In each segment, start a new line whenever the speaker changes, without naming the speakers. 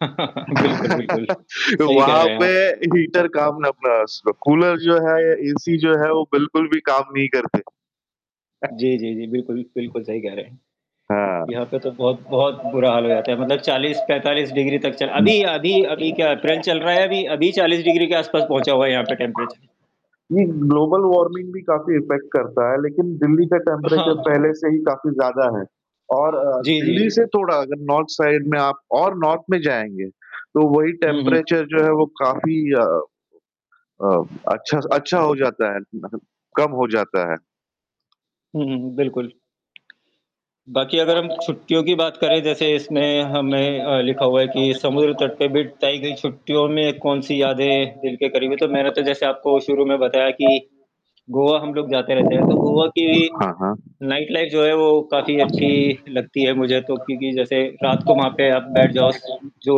बिल्कुल, बिल्कुल, सही कह
वहाँ
रहे हैं
पे
आप।
हीटर काम ना पास कूलर जो है, एसी जो है वो बिल्कुल भी काम नहीं करते।
जी, जी, जी, बिल्कुल, बिल्कुल सही कह रहे हैं।
हाँ।
यहाँ पे तो बहुत बहुत बुरा हाल हो जाता है, मतलब 40-45 डिग्री तक चल
हुँ।
अभी अभी अभी क्या अप्रैल चल रहा है, अभी अभी 40 डिग्री के आसपास पहुँचा हुआ है यहाँ पे टेंपरेचर।
नहीं, ग्लोबल वार्मिंग भी काफ़ी इफेक्ट करता है, लेकिन दिल्ली का टेंपरेचर
हाँ।
पहले से ही काफ़ी ज़्यादा है और अ,
जी,
दिल्ली
जी।
से थोड़ा अगर नॉर्थ साइड में आप और नॉर्थ में जाएँगे, तो वही
हुँ, हुँ।
टेंपरेचर जो है वो काफ़ी अ अ, अच्छा स हो जाता है, मतलब कम हो जाता है।
हुँ, हुँ, बिल्कुल। बाकि अगर हम
हाँ,
छुट्टियों की बात करे, जैसे इसमें हमें अ, लिखा हुआ है कि समुद्र तट पे बिट ताई गई छुट्टियों में कौन-सी यादें दिल के करीब है, तो मैंने तो जैसे आपको शुरू में बताया कि, गोवा हम लोग जाते रहते हैं, तो गोवा की
हाँ।
नाइट लाइफ जो है वो काफ़ी अच्छी लगती है मुझे, तो क्योंकि जैसे रात को वहाँ पे आप बैठ जाओ स जो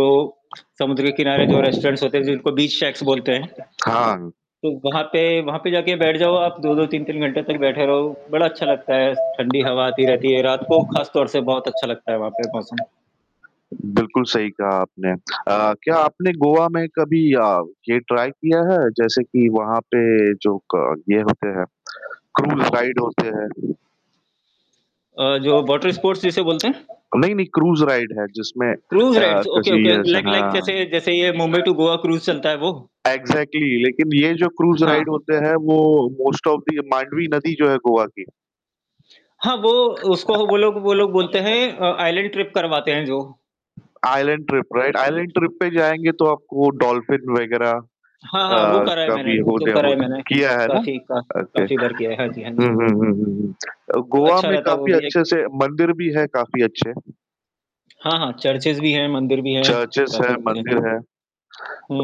समुद्र के किनारे जो रेस्टोरेंट्स होते हैं, जिनको बीच शेक्स बोलते हैं
हाँ।
तो वहाँ पे वहाँ पे जाके बैठ जाओ आप 2-2 3-3 घंटे तक बैठे रहो, बड़ा अच्छा लगता है, ठंडी हवा आती रहती है, रात को खास तौर से बहुत अच्छा लगता है वहाँ पे मौसम।
बिल्कुल सही कहा आपने। अ, क्या आपने गोवा में कभी या ये ट्राई किया है? जैसे कि वहाँ पे जो क ये होते हैं, क्रूज राइड होते हैं?
अ, जो वाटर स्पोर्ट्स जिसे बोलते हैं?
नहीं, नहीं क्रूज राइड है जिसमें
क्रूज
अ,
राइड्स, ओके
किसी
ओके
ऐसे
लाइक लाइक
हाँ।
जैसे जैसे ये मुंबई टू गोआ क्रूज चलता है वो?
एक्जेक्टली लेकिन ये जो क्रूज राइड
हाँ।
होते हैं, वो मोस्ट ऑफ दी मांडवी नदी जो है गोवा की
हाँ, वो उसको वो लोग वो लोग
अ
बोलते हैं अ, आइसलैंड ट्रिप करवाते हैं जो।
Iceland trip, right? Iceland trip पे जाएँगे तो आपको डॉल्फिन वगैरह अ,
हाँ, हाँ, वो करा है
का
मैंने,
भी
वो
हो
तो
गया
करा है मैंने,
किया है ना?
काफ़ी का
ओके।
काफ़ी बार किया है, हाँ जी, हाँ
हुँ,
जी।
हुँ, हुँ, हुँ, हुँ। अ, गोवा
अच्छा
में
रहता है वो
काफ़ी
भी एक
अच्छे से मंदिर भी है काफ़ी अच्छे।
हाँ, हाँ, चर्चेज़ भी है, मंदिर भी है,
चर्चेज
काफ़ी
है,
कुछ है।
मंदिर है।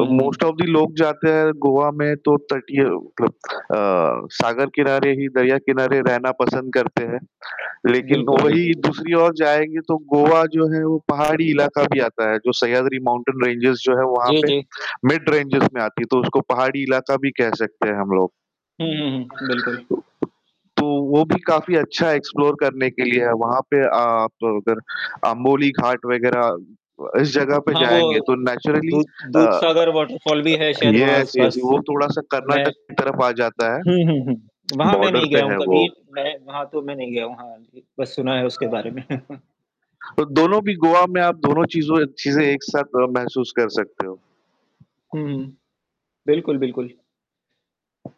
अ,
हुँ।
मोस्ट ऑफ दी लोग जाते हैं गोवा में तो तटीय मतलब अ, सागर किनारे ही, दरिया किनारे रहना पसंद करते हैं। लेकिन
बिल्कुल,
वही
बिल्कुल।
दूसरी ओर जाएँगें, तो गोवा जो है वो पहाड़ी इलाका भी आता है, जो सह्याद्री माउंटेन रेंजेज़ जो है वहाँ
जी,
पे,
जी।
मिड रेंजेज़ में आती है। तो उसको पहाड़ी इलाका भी कह सकते हैं हम लोग।
हुँ, हुँ, हुँ। बिल्कुल।
तो वो भी काफ़ी अच्छा एक्सप्लोर करने के लिए है, वहाँ पे आप अगर अंबोली घाट वगैरह अ, इस जगह पे
हाँ, वो
जाएँगें, तो नेचुरली
दूध
अ
दूधसागर वाटरफॉल भी है शायद वहाँ
यस
आस-पास।
यस वो थोड़ा-सा
मैं
कर्नाटक की तरफ आ जाता है
हुँ, हुँ, हुँ, वहाँ मैं
बॉर्डर
नहीं गया
पे
हूँ
है वो।
कभी, मैं वहाँ तो मैं नहीं गया हूँ, हाँ जी, बस सुना है उसके बारे में।
तो दोनों भी गोआ में आप दोनों चीज़ों चीज़े एक साथ अ, महसूस कर सकते हो।
हुँ, हुँ। बिल्कुल, बिल्कुल।